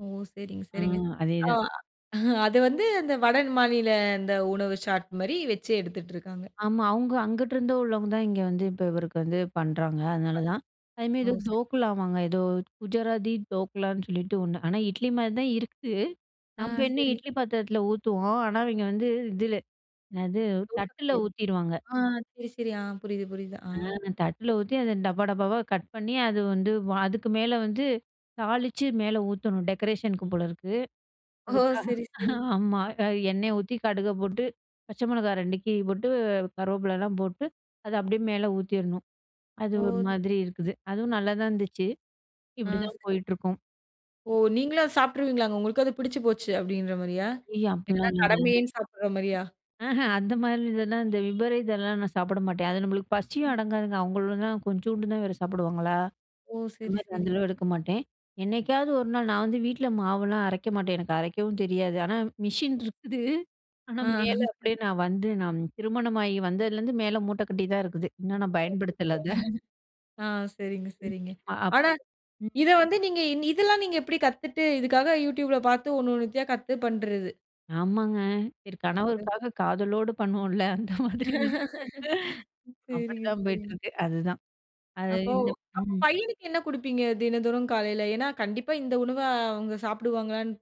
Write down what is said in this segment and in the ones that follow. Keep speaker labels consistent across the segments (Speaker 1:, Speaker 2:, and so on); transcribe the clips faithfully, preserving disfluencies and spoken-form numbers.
Speaker 1: ஓ! சரிங்க,
Speaker 2: ஆ,
Speaker 1: சரிங்க. ஆ
Speaker 2: அதேதான்.
Speaker 1: அது வந்து அந்த வட மாநில அந்த உணவு ஷாட்மாரி வச்சு எடுத்துட்டு இருக்காங்க.
Speaker 2: ஆமா. அவுங்க அங்கிட்டருந்து உள்ளவங்க தான் இங்க வந்து இப்ப இவருக்கு வந்து பண்றாங்க. அதனால தான். அதுமாரி,
Speaker 1: ஓ!
Speaker 2: ஏதோ
Speaker 1: சரி.
Speaker 2: தோக்குலாவாங்க ஏதோ குஜராத்தி தோக்குலான்னு சொல்லிட்டு ஒண்ணு. ஆனா இட்லிமாரி தான் இருக்கு.
Speaker 1: ஆ.
Speaker 2: நம்ம என்ன
Speaker 1: சரி.
Speaker 2: இட்லி பாத்திரத்தில ஊத்துவோம். ஆனா இவங்க வந்து இதில, என்னது தட்டுல
Speaker 1: [unintelligible]
Speaker 2: ஊத்திருவாங்க.
Speaker 1: ஆ சரி, சரி. ஆ புரியுது, புரியுது. ஆ
Speaker 2: ஆ தட்ல ஊத்தி அத டப்பா, டப்பாவா கட் பண்ணி அது வந்து வ அதுக்கு மேலே வந்து தாளிச்சு, மேல ஊத்தணும் டெக்கரேஷனுக்கு போல இருக்கு.
Speaker 1: ஓ!
Speaker 2: அதுக்காக,
Speaker 1: சரி, சரி.
Speaker 2: ஆமா. அ எண்ணெய் ஊத்தி கடுக போட்டு, பச்சை மிளகாய் ரெண்டு கீறி போட்டு, கருவேப்பிலலாம் போட்டு அத அப்பிடியே மேல ஊத்திர்ணும். அது ஒரு
Speaker 1: ஓ!
Speaker 2: மாதிரி இருக்குது. அதுவும் நல்லாதான் இருந்துச்சு.
Speaker 1: ஆ,
Speaker 2: இப்பிடிதான்
Speaker 1: சரி.
Speaker 2: போயிட்டுருக்கும்.
Speaker 1: ஓ! நீங்களும் அத சாப்பிட்ருவீங்களா? உங்களுக்கும் அது பிடிச்சு போச்சு. அப்பிடின்றமாரியா?
Speaker 2: அய்யோ!
Speaker 1: இல்ல
Speaker 2: அப்பிட்லாம் ஒன்னு இல்லங்க.
Speaker 1: கடமையேன்னு சாப்பிட்ற மாரியா?
Speaker 2: ஆஹ, அந்தமாரி இதெல்லாம் இந்த விபரீதெல்லாம் நான் சாப்பிட மாட்டேன். அது நம்மளுக்கு பசியும்
Speaker 1: ம்.
Speaker 2: அடங்காதுங்க. அவுங்களும் தான் கொஞ்சோண்டு தான் வேற சாப்பிடுவாங்களா!
Speaker 1: ஓ! சரி,
Speaker 2: அந்தமாரி
Speaker 1: சரி.
Speaker 2: அந்த அளவு எடுக்க மாட்டேன். என்னைக்காவது ஒரு நாள் நான் வந்து வீட்ல மாவெல்லாம் அரைக்க மாட்டேன். எனக்கு அரைக்கவும் தெரியாது. ஆனா, மிஷின் இருக்குது. ஆனா,
Speaker 1: ஆ.
Speaker 2: மேல அப்பிடியே நான் வந்து நான் திருமணமாகி வந்ததுலேருந்து மேல மூட்ட கட்டி தான் இருக்குது. இன்னும் நான்
Speaker 1: அச்சச்சோ!
Speaker 2: பயன்படுத்தல, அத.
Speaker 1: ஆ, சரிங்க,
Speaker 2: [unintelligible]
Speaker 1: சரிங்க.
Speaker 2: அ.
Speaker 1: ஆனா
Speaker 2: ம்.
Speaker 1: இத வந்து நீங்க இன் இதெல்லாம் நீங்க எப்பிடி கத்துட்டு, இதுக்காக Youtubeல பார்த்து ஒன்னு ஒன்னுத்தயா கத்து பண்றது.
Speaker 2: ஆமாங்க. சரி
Speaker 1: [unintelligible]
Speaker 2: கணவருக்காக காதலோடு பண்ணுவோம்ல. அந்த மாதிரி தான்.
Speaker 1: சரிங்க,
Speaker 2: அப்பிடிதான் போயிட்டு
Speaker 1: சரிங்க.
Speaker 2: இருக்கு. அதுதான், அது
Speaker 1: அப்போ!
Speaker 2: இந்த
Speaker 1: அப்போ
Speaker 2: ம்.
Speaker 1: பையனுக்கு என்ன கொடுப்பீங்க? தினந்தோறும் காலையில ஏன்னா கண்டிப்பா இந்த உணவ அவுங்க சாப்பிடுவாங்களான்னு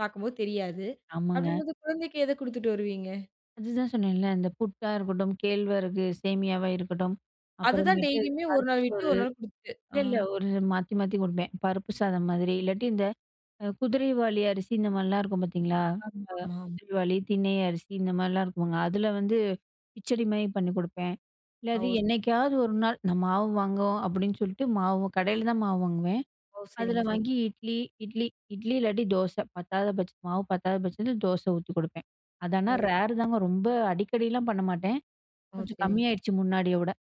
Speaker 1: பார்க்கும்போது தெரியாது.
Speaker 2: ஆமாங்க.
Speaker 1: அப்பிடிங்கம்போது குழந்தைக்கு எத கொடுத்துட்டு வருவீங்க?
Speaker 2: அதுதான் சொன்னேன்ல. இந்த புட்டா இருக்கட்டும், கேழ்வரகு சேமியாவா இருக்கட்டும்,
Speaker 1: அதுதான்
Speaker 2: அப்புறமேட்டு
Speaker 1: டெய்லியுமே ஒரு
Speaker 2: பருப்பு
Speaker 1: நாள் விட்டு
Speaker 2: சோறு.
Speaker 1: ஒரு நாள் கொடுத்துட்டு
Speaker 2: இல்ல,
Speaker 1: ஆ.
Speaker 2: இல்ல ஒரு மாத்தி, மாத்தி குடுப்பேன். பருப்பு சாதம் மாதிரி, இல்லாட்டி இந்த அ குதிரைவாலி அரிசி இந்த மாதிரிலாம் இருக்கும் பார்த்தீங்களா! அ
Speaker 1: ஆமாமா.
Speaker 2: குதிரைவாலி, தினை அரிசி இந்த மாதிரிலாம் இருக்குங்க. அதில வந்து கிச்சடிமாரி பண்ணிக் குடுப்பேன். இல்ல அது
Speaker 1: ஓ!
Speaker 2: என்னைக்காவது ஒரு நாள் நான் மாவு வாங்குவோம், அப்பிடின்னு சொல்லிட்டு மாவு கடையில தான் மாவு வாங்குவேன்.
Speaker 1: ஓ!
Speaker 2: அதில
Speaker 1: சரிங்க, சரிங்
Speaker 2: வாங்கி இட்லி இட்லி இட்லி இல்லாட்டி தோச. பத்தாத பச்ச மாவு பத்தாத பட்சத்தில தோச ஊத்திக் கொடுப்பேன். அத ஆனா
Speaker 1: ஓ!
Speaker 2: ரேர் தாங்க. ரொம்ப அடிக்கடிலாம் பண்ண மாட்டேன்.
Speaker 1: ஓ!
Speaker 2: கொஞ்சம்
Speaker 1: சரிங்க. சரி.
Speaker 2: கம்மியாயிடுச்சு. முன்னாடிய விட.